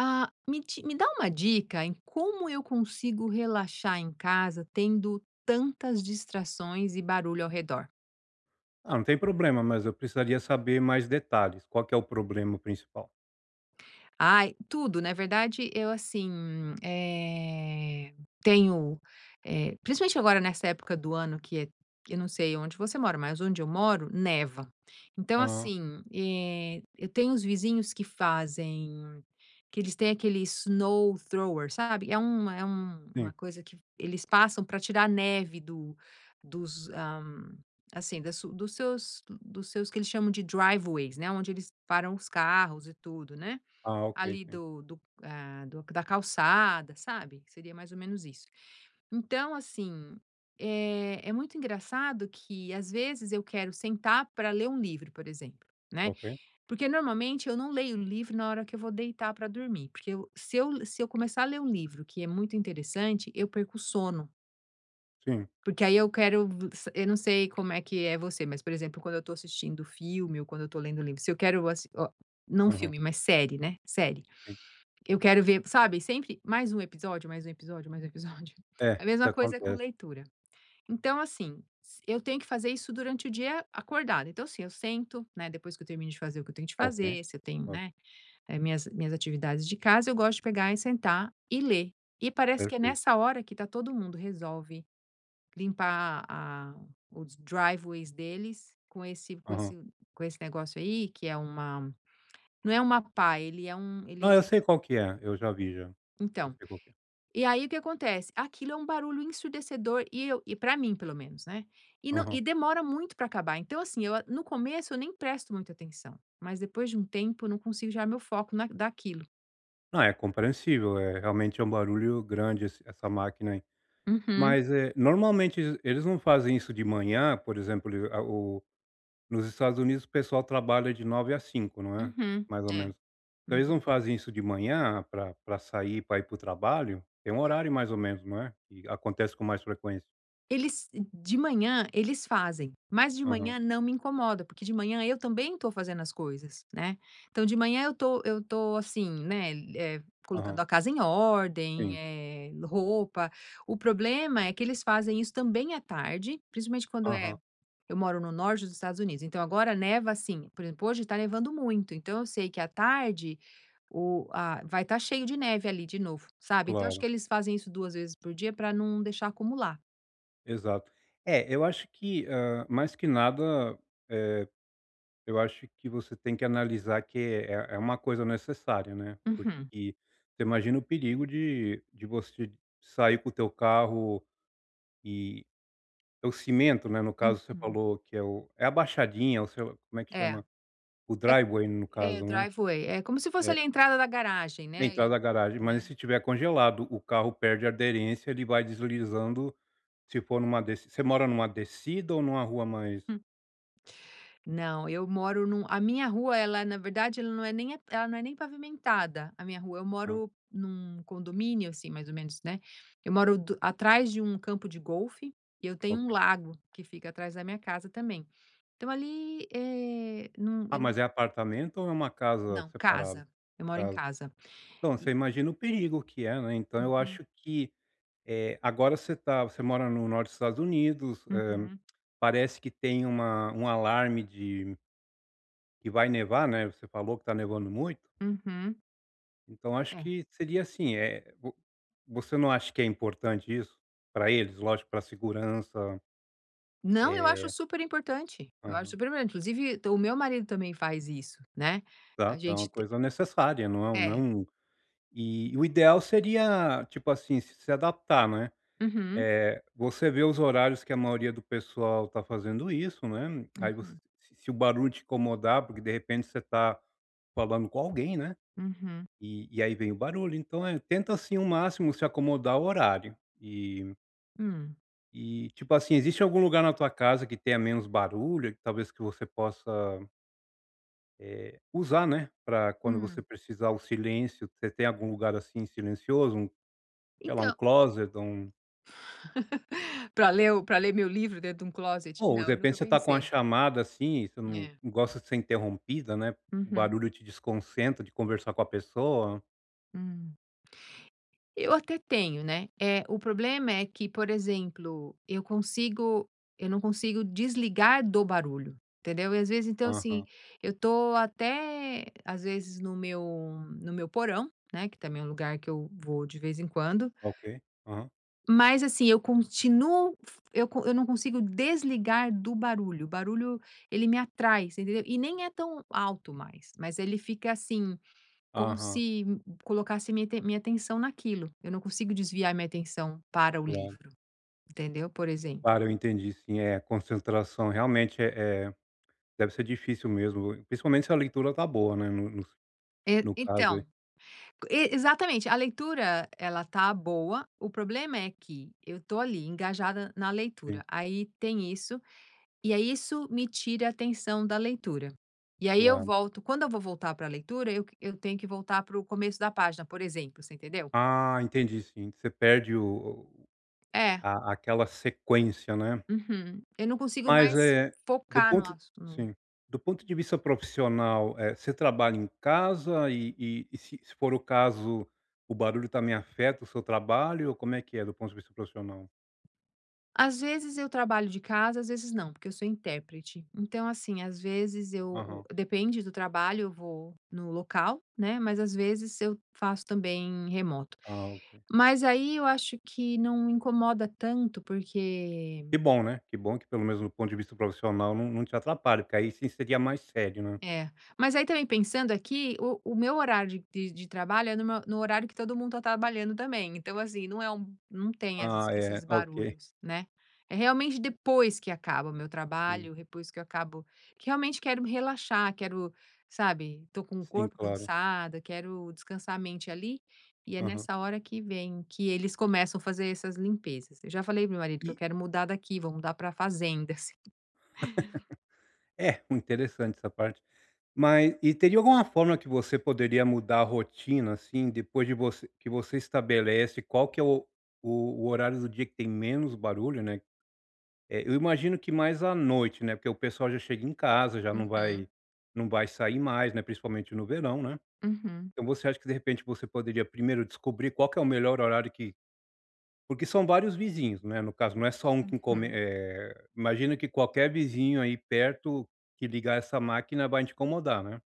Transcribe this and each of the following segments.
Ah me ti me dá uma dica em como eu consigo relaxar em casa tendo tantas distrações e barulho ao redor. Ah, não tem problema, mas eu precisaria saber mais detalhes, qual que é o problema principal? Ai, tudo na verdade eu, assim, eh, tenho, eh, principalmente agora nessa época do ano que é, que não sei onde você mora, mas onde eu moro neva. Então, Hum. assim, eh, eu tenho uns vizinhos que fazem, que eles têm aquele snowthrower sabe? É um é uma Sim. coisa que eles passam pra tirar neve, ah, do dos, hã, assim, dos seus dos seus, que eles chamam de driveways, né, onde eles param os carros e tudo, né, Ah, ok, ali sim. do do, ah, do da calçada, sabe? Seria mais ou menos isso. Então assim, é é muito engraçado que às vezes eu quero sentar pra ler um livro por exemplo né, Ok. porque normalmente eu não leio um livro na hora que eu vou deitar pra dormir, porque eu se eu se eu começar a ler um livro que é muito interessante eu perco o sono. Sim. Porque aí eu quero v sa eu não sei como é que é você, mas, por exemplo, quando eu estou assistindo filme ou quando eu estou lendo livro se eu quero assi oh, não Aham. filme mas série, né, série, Sim. eu quero ver sabe sempre mais um episódio, mais um episódio, mais um episódio, É, a isso mesma coisa é com acontece. leitura. Então assim, s eu tenho que fazer isso durante o dia acordado, então assim, eu sento né depois que eu termino de fazer o que eu tenho de Ok, fazer se eu tenho, o né, minhas minhas atividades de casa, eu gosto de pegar e sentar e ler e parece que é Perfeito. nessa hora que está todo mundo resolve, limpar a os driveways deles com esse com Aham. esse com esse negócio aí, que é uma não é uma pá, ele é um ele Não, eu é sei qual que é, eu já vi já. Eu Então, sei qual que é. e aí o que acontece? Aquilo é barulho ensurdecedor e eu e pra mim pelo menos, né. E não e Aham. demora muito pra acabar então assim eu no começo eu nem presto muita atenção, mas depois de tempo eu não consigo tirar meu foco na daquilo. Ah, é compreensível, eh, realmente um barulho grande esse essa máquina, aí. Uhum. Mas, eh, normalmente ele eles não fazem isso de manhã por exemplo, a o nos Estados Unidos o pessoal trabalha de 9 às 5 não é? Uhum, Mais ou é, menos. Se eles não uhum. fazem isso de manhã pra pra sair pra ir para o trabalho, tem um horário mais ou menos não é? Que acontece com mais frequência. Eles de manhã eles fazem, mas de Aham. manhã não me incomoda, porque de manhã eu também estou fazendo as coisas, né. Então de manhã eu tô eu tô, assim, né, eh colocando Aham. a casa em ordem, Sim. eh, roupa, o problema é que eles fazem isso também à tarde principalmente quando é Aham. eu moro no norte dos Estados Unidos então agora neva, assim, por exemplo, hoje está nevando muito, então eu sei que à tarde o a vai estar cheio de neve ali de novo sabe então acho que Claro. eles fazem isso 2 vezes por dia pra não deixar acumular. Exato. É eu acho que, ah mais que nada, eh eu acho que você tem que analisar que é é uma coisa necessária né. Porque Uhum. você imagina o perigo de de você sair com o teu carro, e e teu cimento, né, no caso você Uhum. falou que é o a baixadinha ou como é que É, chama? O é driveway no é caso né? driveway é como se fosse É ali a entrada da garagem, né, Entrada da e, garagem mas né. se tiver congelado o carro perde aderência ele vai deslizando se for numa deci você mora numa descida ou numa rua mais Hum. Não eu moro num a minha rua ela na verdade ela não é nem ela não é nem pavimentada a minha rua, eu Hã. moro num condomínio, assim, mais ou menos, né. Eu moro do atrás de campo de golfe e eu tenho um Ok. lago que fica atrás da minha casa também então, ali eh, não Ah, eu não mas é apartamento ou é uma casa Não, separada, no casa eu moro em caso? casa Então você e imagina o perigo que é, né, então eu Uhum. acho que eh agora você está você mora no norte Estados Unidos, ah, Uhum. parece que tem uma um alarme de que vai nevar né você falou que está nevando muito. Uhum. Então acho É. que seria, assim, eh, vo você não acha que é importante isso para eles lógico para a segurança? Não, eu acho Eh super importante eu acho Aham. super importante inclusive o meu marido também faz isso, né. A Tá, então gente a te coisa necessária não é não É. um e o ideal seria, tipo assim, se adaptar né, Uhum. eh, você vê os horários que a maioria do pessoal tá fazendo isso, né, aí você Uhum. se o barulho te incomodar, porque de repente você tá, falando com alguém né. Uhum. E e aí vem o barulho então, eh, tenta assim ao máximo se acomodar o horário e Hum. E, tipo assim, existe algum lugar na tua casa que tenha menos barulho que talvez que você possa eh, usar né pra quando você Hum. precisar o silêncio você tem algum lugar assim silencioso? Sei lá, um Então closet ou um Pra ler o pra ler meu livro dentro de closet? Ou de Não, eu repente nunca você está com uma pensei. chamada, assim, você não É. gosta de ser interrompida, né. O Uhum. barulho te desconcentra de conversar com a pessoa. Hum. Eu até tenho né. Eh, o problema é que por exemplo eu consigo eu não consigo desligar do barulho entendeu? E às vezes então, assim, Aham. eu estou até às vezes no meu no meu porão, né, que também é lugar que eu vou de vez em quando Ok, aham. mas assim eu fa continuo eu eu não consigo desligar do barulho, o barulho ele me atrai entendeu? E nem é tão alto mais mas ele fica, assim, como Aham. se colocasse minha minha atenção naquilo, eu não consigo desviar minha atenção para o Claro. livro, entendeu, por exemplo. Claro eu entendi sim, é concentração, realmente eh eh, deve ser difícil mesmo principalmente se a leitura tá boa, né, É. no caso. Então, e exatamente, a leitura ela está boa, o problema é que eu estou ali engajada na Sim. leitura, aí tem isso, e é isso me tira a atenção da leitura, e aí eu Claro. volto quando eu vou voltar pra leitura eu eu tenho que voltar pro começo da página por exemplo você, entendeu? Ah entendi sim, você perde o É. a a aquela sequência né. Uhum. Eu não consigo Mas mais eh, do focar no ponto assuu no sim, do ponto de vista profissional, eh, você trabalha em casa e e se se for o caso o barulho está me afeta o seu trabalho, ou como é que é do ponto de vista profissional? Às vezes eu trabalho de casa, às vezes, não. Porque eu sou intérprete. Então, assim, às vezes eu o Aham. depende do trabalho eu vou no local, né, mas, às vezes eu faço também remoto. Ah, OK. Mas aí eu acho que não me incomoda tanto porque Que bom, né. Que bom que pelo mesmo do ponto de vista profissional não não te atrapalha, porque aí, sim, seria mais sério, né. É. Mas aí também pensando aqui, o o meu horário de de trabalho é no meu no horário que todo mundo tá trabalhando também, então assim, não é um não tem essas Ah, esses é. OK. barulhos, né. É realmente depois que acaba o meu Sim. trabalho, depois que eu acabo realmente quero me relaxar, quero sabe, tô com o Sim, corpo claro. cansado, quero descansar a mente ali, e é Aham. nessa hora que vem que eles começam a fazer essas limpezas. Eu já falei para o meu marido que eu E. quero mudar daqui vou mudar pra fazenda. É, um interessante essa parte. Mas e teria alguma forma que você poderia mudar a rotina, assim, depois de você que você estabelece qual que é o o o horário do dia que tem menos barulho, né. Eh, eu imagino que mais à noite, né, porque o pessoal já chega em casa já não Uhum. vai não vai sair mais, né, principalmente no verão, né. Uhum. Então você acha que, de repente você poderia primeiro descobrir qual que é o melhor horário que porque são vários vizinhos. Não é, no caso não é só que come Uhum. eh, imagina que qualquer vizinho aí perto que ligar essa máquina vai te incomodar, né.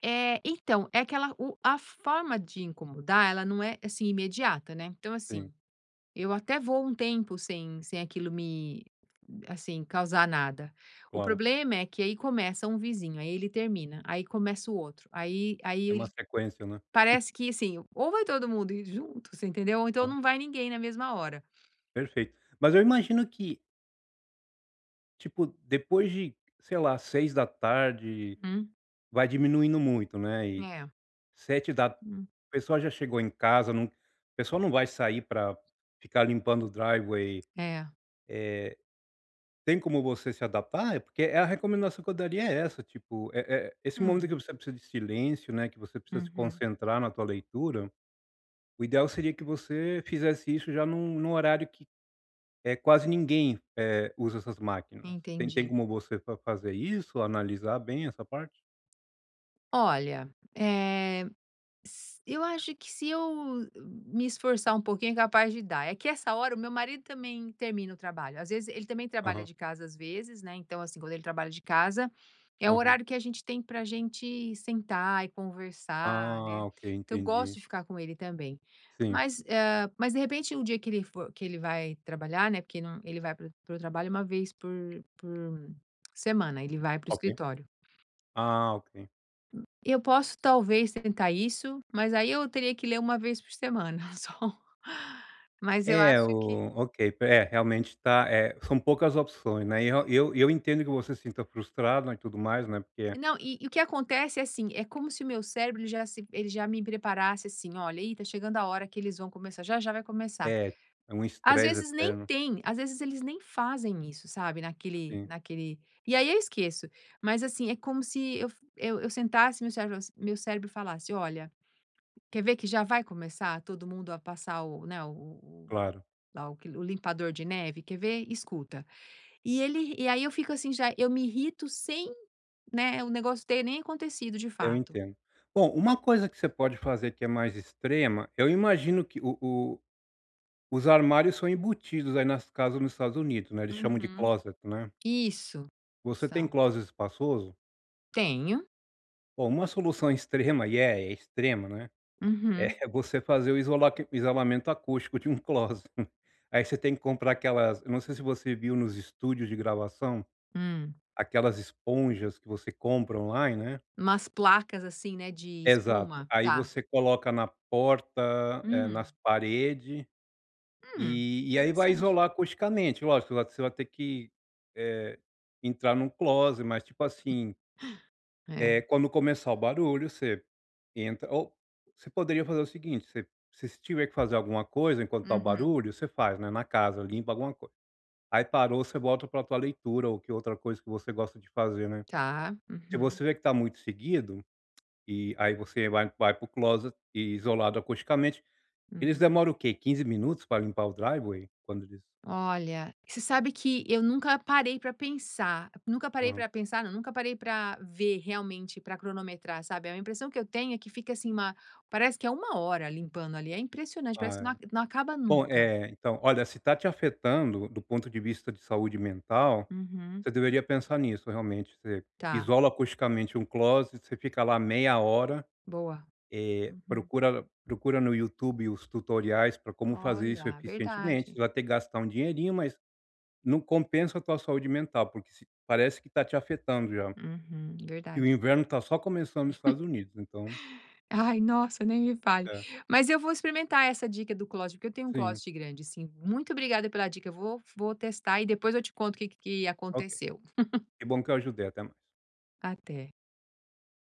Eh, então, é aquela o a forma de incomodar, ela não é, assim imediata, né. Então, assim, Sim. eu até vou um tempo sem sem aquilo me assim, causar nada. O Claro. problema é que aí começa um vizinho aí ele termina, aí começa o outro. Aí aí É ele uma sequência, né. parece que assim, ou vai todo mundo ir junto, você entendeu, ou então Aham. não vai ninguém na mesma hora. Perfeito. Mas, eu imagino que tipo, depois de, sei lá, 18h Uhum. vai diminuindo muito, né, eh É. 7 da Hum. pessoa já chegou em casa, não a pessoa não vai sair pra pra ficar limpando o driveway É. eh tem como você se adaptar? É, porque é a recomendação que eu daria é essa, tipo, eh eh esse momento que Hum. você precisa de silêncio, né, que você precisa se Uhum. concentrar na tua leitura, o ideal seria que você fizesse isso já num num horário que, eh, quase ninguém, eh, usa essas máquinas. Você não tem Entendi. como você fa fazer isso, analisar bem essa parte? Olha, eh, s eu acho que se eu m me esforçar um pouquinho é capaz de dar. É que essa hora o meu marido também termina o trabalho. Às vezes ele também trabalha Aham. de casa, às vezes, né, então assim, quando ele trabalha de casa é o Aham. horário que a gente tem pra gente sentar e conversar, né, Ah, OK. que eu gosto Entendi. de ficar com ele também. Sim. Mas, eh, mas de repente no dia que ele fo que ele vai trabalhar, né, porque ele vai para o para o trabalho 1 vez por por semana. Ele vai para o Tá OK. escritório. Ah, OK. Eu posso talvez tentar isso mas aí eu teria que ler 1 vez por semana, só. Mas eu É acho que o OK. P é, realmente tá, eh são poucas opções, né, e eu e eu e eu entendo que você sinta frustrada e tudo mais, né, porque Não. E e o que acontece é, assim. É como se o meu cérebro ele já se ele já me preparasse, assim: "Olha, ih, tá chegando a hora que eles vão começar já, já vai começar." é. Um Às estresse vezes nem eterno. tem, Às vezes eles nem fazem isso, sabe, naquele Sim. naquele e aí eu esqueço. Mas, assim, é como se eu eu eu sentasse, meu cérebro f meu cérebro falasse: "Olha, quer ver que já vai começar todo mundo a passar o né, o-o o Claro. lá o que o limpador de neve? Quer ver? Escuta." E ele e aí eu fico assim, já eu me irrito sem, né, o negócio ter nem acontecido de Eu fato. entendo. Bom, uma coisa que você pode fazer que é mais extrema eu imagino que o o os armários são embutidos aí nas casas nos Estados Unidos, né. Eles chamam de Uhum. closet, né. Isso. Você tem São. closet espaçoso? Tenho. Ó uma solução extrema, e é extrema, né, Uhum. é você fazer o isolame o isolamento acústico de um closet. Aí você tem que comprar aquelas não sei se você viu nos estúdios de gravação, Hum. aquelas esponjas que você compra online, né. Umas placas assim né, de Exato, espuma, aí tá. você coloca na porta, Hum. nas parede, Hum, e e aí vai interessante. isolar acusticamente, lógico você vai ter que, eh, entrar num closet mas tipo assim eh, É. quando começar o barulho você, entra ou você poderia fazer o seguinte, você você se tiver que fazer alguma coisa enquanto está o Uhum. barulho, você faz, né, na casa, limpa alguma coisa. Aí parou você volta pra tua leitura ou que outra coisa que você gosta de fazer né. Tá, Se uhum. você vê que está muito seguido, e aí você vai vai pro closet isolado acusticamente, eles Uhum. demoram o que 15 minutos para limpar o driveway, quando isso Olha, você sabe que eu nunca parei pra pensar, nunca parei Aham. pra pensar não, nunca parei pra ver realmente, pra cronometrar sabe? A impressão que eu tenho é que fica, assim, uma parece que é 1 hora limpando ali, é impressionante, Ah parece que não é, aca não acaba bom nunca. eh, então olha, se está te afetando do ponto de vista de saúde mental, Uhum. você deveria pensar nisso realmente, você Tá. isola acusticamente um closet, você fica lá meia hora, Boa, eh uhum. procura procura no Youtube os tutoriais pra como fazer isso Olha, eficientemente, verdade. você vai ter que gastar um dinheirinho mas, não compensa a tua saúde mental porque se parece que está te afetando já. Uhum, E o verdade. inverno está só começando nos Estados Unidos então Ai, nossa, nem me fale. É. Mas eu vou experimentar essa dica do closet, porque eu tenho um Sim. closet grande sim, muito obrigada pela dica, eu vou vou testar e depois eu te conto o que que Ok, aconteceu. que bom que eu ajudei, até mais. Até.